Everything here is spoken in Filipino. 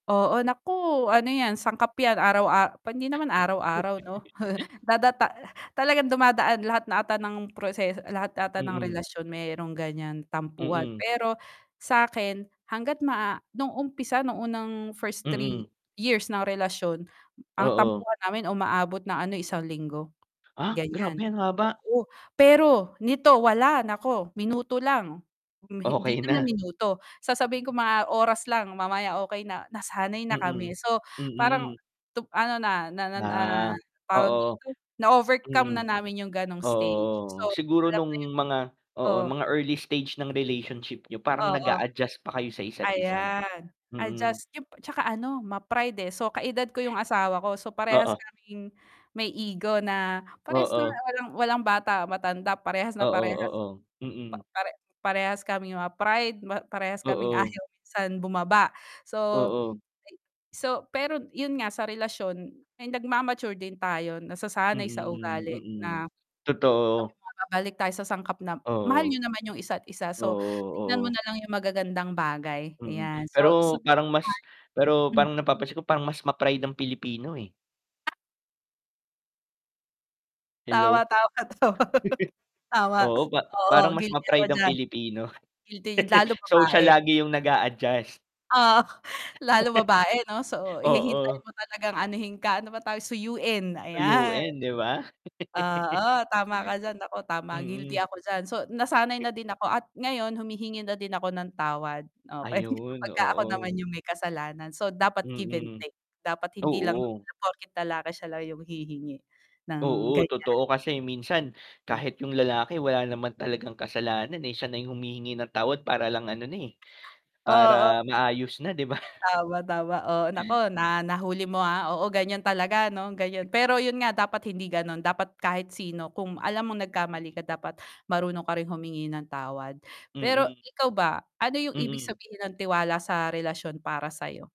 Oo, naku ano yan sangkap yan araw-a pa hindi naman araw-araw no dadata talagang dumadaan lahat na ata ng proseso lahat ata ng Mm. relasyon meron ganyan tampuhan. Mm. Pero sakin hangga't maa nung umpisa nung unang first 3 Mm. years ng relasyon ang Oo. tampuhan namin umaabot ng ano 1 linggo, Ah, ganyan. grabe ang haba. Oo. Pero, nito wala nako minuto lang, hindi Okey naman na. minuto, sasabihin ko mga oras lang mamaya okey na, nasanay na kami Mm, so parang mm. ano na, na na na Ah, tawag oo. dito, na-overcome na Mm. namin yung ganong Oo, stage oo. Siguro [unintelligible] nung mga oo, O mga early stage ng relationship niyo parang Oo. nag-a-adjust pa kayo sa isa't isa, Ayan, mm. adjust [unintelligible] tsaka ano ma-pride, eh. So, ka-edad ko yung asawa ko, so parehas Oo. kaming may ego na parehas na Oo. walang walang bata, matanda parehas na Oo, parehas oo. Mm. [unintelligible] pare-parehas kaming mga pride, parehas kaming Oo. ayaw minsan bumaba. Oo. So, pero yun nga sa relasyon ay nagma-mature din tayo nasasanay sa Mm, ugali mm. na sabi Totoo. mo babalik tayo sa sangkap na mahal Oo. niyo naman yung isa't isa. Oo, So tingnan mo oo. nalang yung magagandang bagay Mm. ayan. So, Pero parang mas, pero [unintelligible] parang napapansin ko parang mas ma-pride ang Pilipino, eh. Tawa Hello. tawa to Tama, Oo. Pa oo parang mas guilty ako ma-pride ang diyan, Pilipino guilty lalo So siya babae. lagi yung nag-a-adjust. Oh. Lalo babae 'no so hihintayin Oo. mo talagang anohin ka, ano ba tawag, suyuin ayan. Toyoin 'di ba? Oo, tama ka diyan. Nako tama. Guilty Mm. ako diyan. So, nasanay na din ako at ngayon humihingi na din ako ng tawad okey. Ayun, Pagka ako naman oo. yung may kasalanan so dapat give and Mm, take. Dapat hindi lang oo. na porket lalaki sila yung hihingi ng Oo, ganyan. totoo. Kasi minsan Hm. kahit yung lalaki wala naman talagang kasalanan, eh, siya na humihingi ng tawad para lang ano na, eh, Oo para maayos na 'di ba? Tama, tama. Oo, naku na nahuli mo, ah, oo ganyan talaga 'no ganyan pero yun nga dapat hindi ganon dapat kahit sino kung alam mong nagkamali Mm. ka dapat marunong ka ring humingi ng tawad, pero Mm. ikaw ba ano yung ibig Mm. sabihin ng tiwala sa relasyon para sayo?